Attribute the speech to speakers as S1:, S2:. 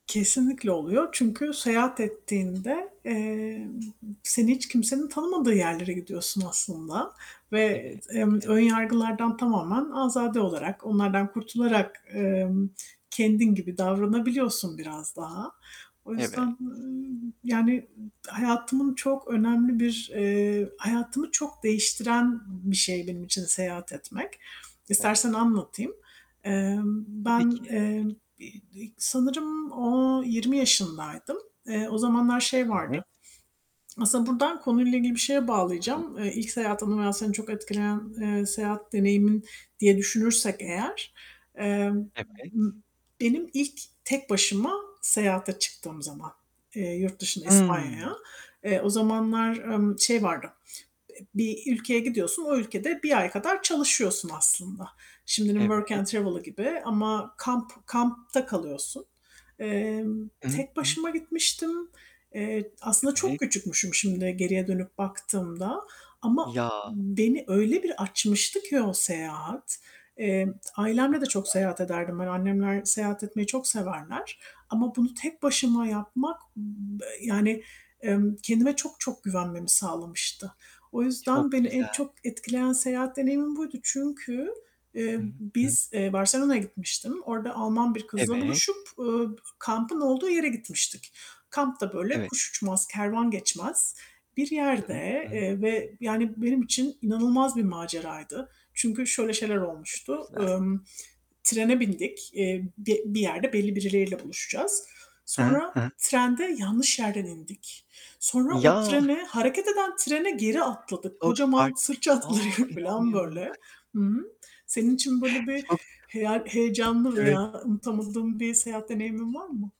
S1: Kesinlikle oluyor çünkü seyahat ettiğinde, eee, seni hiç kimsenin tanımadığı yerlere gidiyorsun aslında ve
S2: Evet.
S1: eee, emm, ön
S2: Evet.
S1: yargılardan tamamen azade olarak, onlardan kurtularak, emm kendin gibi davranabiliyorsun biraz daha. O
S2: Evet.
S1: yüzden, ııı, yani hayatımın çok önemli bir, eee, hayatımı çok değiştiren bir şey benim için seyahat etmek. İstersen
S2: Evet.
S1: anlatayım. Emm,
S2: Tabii
S1: ben,
S2: ki, tabii
S1: eee,
S2: ki.
S1: i ilk sanırım o 20 yaşındaydım. Eee o zamanlar şey
S2: [unintelligible]
S1: vardı. Aslında buradan konuyla ilgili bir şeye
S2: Hı.
S1: bağlayacağım. Eee, ilk seyahat anı veya seni çok etkileyen, eee, seyahat deneyimin diye düşünürsek eğer emm, m
S2: Evet.
S1: benim ilk tek başıma seyahate çıktığım zaman, eee, yurt dışında İspanya'ya.
S2: Hıı.
S1: Eee, o zamanlar, emm, şey vardı. Eee, bir ülkeye gidiyorsun, o ülkede 1 ay kadar çalışıyorsun aslında. Şimdinin
S2: Evet.
S1: Work and Travel'ı gibi ama kamp kampta kalıyorsun. Eee,
S2: Hı hı,
S1: tek
S2: hı hı.
S1: başıma gitmiştim. Eee, aslında çok
S2: Evet.
S1: küçükmüşüm şimdi geriye dönüp baktığımda ama
S2: Ya.
S1: beni öyle bir açmıştı ki o seyahat, eee,
S2: O
S1: ailemle de çok
S2: kadar.
S1: seyahat ederdim ben. Annemler seyahat etmeyi çok severler ama bunu tek başıma yapmak b yani, emm, kendime çok çok güvenmemi sağlamıştı. O yüzden
S2: Çok
S1: beni en
S2: güzel.
S1: çok etkileyen seyahat deneyimim buydu. Çünkü eee,
S2: Hı hı, hı hı.
S1: biz, eee, Barcelona'ya gitmiştim. Orada Alman bir kızla
S2: Evet.
S1: buluşup, eee, kampın olduğu yere gitmiştik. Kamp da böyle
S2: Evet.
S1: kuş uçmaz, kervan geçmez bir
S2: Hı hı,
S1: yerde,
S2: hı hı.
S1: eee, ve yani, benim için inanılmaz bir maceraydı. Çünkü şöyle şeyler
S2: Çok
S1: olmuştu:
S2: güzel.
S1: Emm, trene bindik. Eee, bi bir yerde belli birileriyle buluşacağız.
S2: Hı hı,
S1: Sonra
S2: hı hı.
S1: trende yanlış yerden indik. Sonra o
S2: Ya.
S1: trene hareket eden trene geri atladık.
S2: Çok
S1: Kocaman
S2: farklı
S1: sırt
S2: A,
S1: çantalarıyla filan,
S2: inanmıyorum bak.
S1: böyle. Hı hı. Senin için böyle bir
S2: Çok
S1: hey heyecanlı
S2: Evet.
S1: veya unutamadığın bir seyahat deneyimin var mı?